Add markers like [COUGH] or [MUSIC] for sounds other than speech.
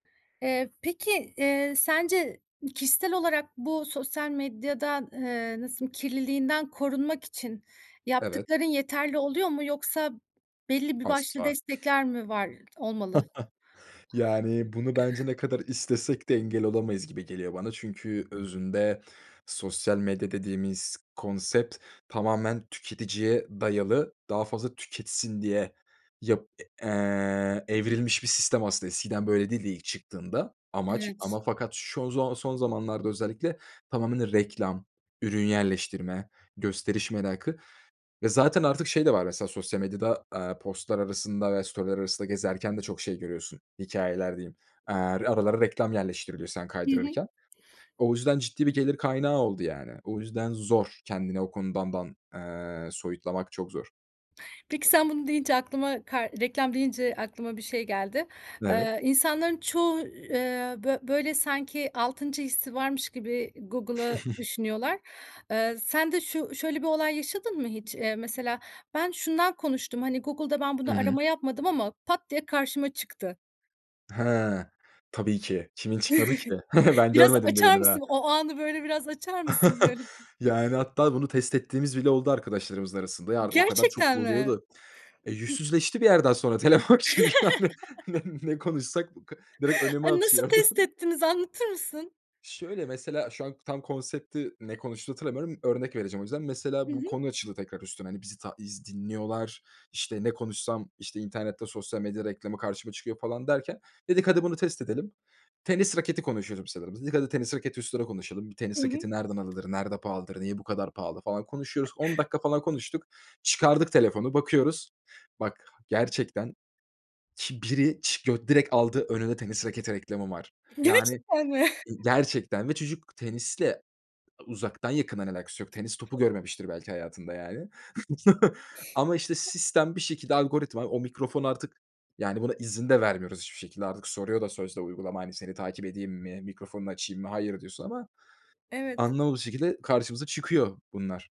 Eee, peki, eee, sence ı kişisel olarak bu sosyal medyadan, eee, nasıl kirliliğinden korunmak için Evet. yaptıkların yeterli oluyor mu yoksa belli bir başlı Asla. destekler mi var olmalı? [CHUCKLES] Yani, bunu bence ne kadar istesek de engel olamayız gibi geliyor bana. Çünkü özünde sosyal medya dediğimiz konsept tamamen tüketiciye dayalı, daha fazla tüketsin diye yap e eee, evrilmiş bir sistem aslında. Eskiden böyle değildi ilk çıktığında. Amaç Evet. ama fakat şu zon son zamanlarda özellikle tamamıyla reklam, ürün yerleştirme, gösteriş merakı ve zaten artık şey de var mesela sosyal medyada, aaa, post'lar arasında ve story'ler arasında gezerken de çok şey görüyorsun, hikâyeler diyeyim. Aaa, aralara reklam yerleştiriliyor sen Hı hı. kaydırırken. O yüzden ciddi bir gelir kaynağı oldu yani. O yüzden zor kendini o konudan dan eee, soyutlamak çok zor. Peki sen bunu deyince aklıma kar reklam deyince aklıma bir şey geldi. Evet. Eee, insanların çoğu, eee, bö böyle sanki 6'ncı hissi varmış gibi Google'ı [CHUCKLES] düşünüyorlar. Iıı, sen de şu şöyle bir olay yaşadın mı hiç? Eee, mesela, "Ben şundan konuştum. Hani, Google'da ben Hı bunu hı. arama yapmadım ama pat diye karşıma çıktı." Ha! Tabii ki. Kimin çıkmadı ki? [CHUCKLES] [CHUCKLES] Ben Biraz görmedim açar birini daha. mısın, o anı, böyle, biraz açar mısın? [CHUCKLES] Garip. Yani, hatta bunu test ettiğimiz bile oldu arkadaşlarımızın arasında. Ya, artık o kadar çok Gerçekten mi? oluyordu. E, [UNINTELLIGIBLE] yüzsüzleşti bir yerden sonra telefon çünkü, yani, ne [CHUCKLES] ne konuşsak bu k direkt önüme A, nasıl atıyordu. test ettiniz, anlatır mısın? Şöyle, mesela şu an tam konsepti, ne konuştuğunu hatırlamıyorum, örnek vereceğim o yüzden. Hı Mesela bu hı. konu açıldı tekrar üstüne, hani, bizi ta iz dinliyorlar, işte, ne konuşsam, işte, internette sosyal medya reklamı karşıma çıkıyor falan derken, dedik, "Hadi bunu test edelim." Tenis raketi konuşuyordum sanırım. Dedik, "Hadi tenis raketi üstüne konuşalım." Bir Hı tenis hı. raketi nereden alır, nerede pahalıdır, niye bu kadar pahalı falan konuşuyoruz. 10 dakika falan konuştuk. Çıkardık telefonu, bakıyoruz. Bak, gerçekten ki biri çı gö direkt aldı önünde tenis raketi reklamı var. Yani Gerçekten mi? e [CHUCKLES] gerçekten. Ve çocuk tenisle uzaktan yakından alakası yok? Tenis topu görmemiştir belki hayatında, yani. [CHUCKLES] Ama, işte, sistem bir şekilde algoritma, o mikrofon artık yani, buna izin de vermiyoruz hiçbir şekilde artık. Soruyor da sözde uygulama, hani, "Seni takip edeyim mi, mikrofonunu açayım mı?" "Hayır." diyorsun ama Evet. anlamadığımız şekilde karşımıza çıkıyor bunlar.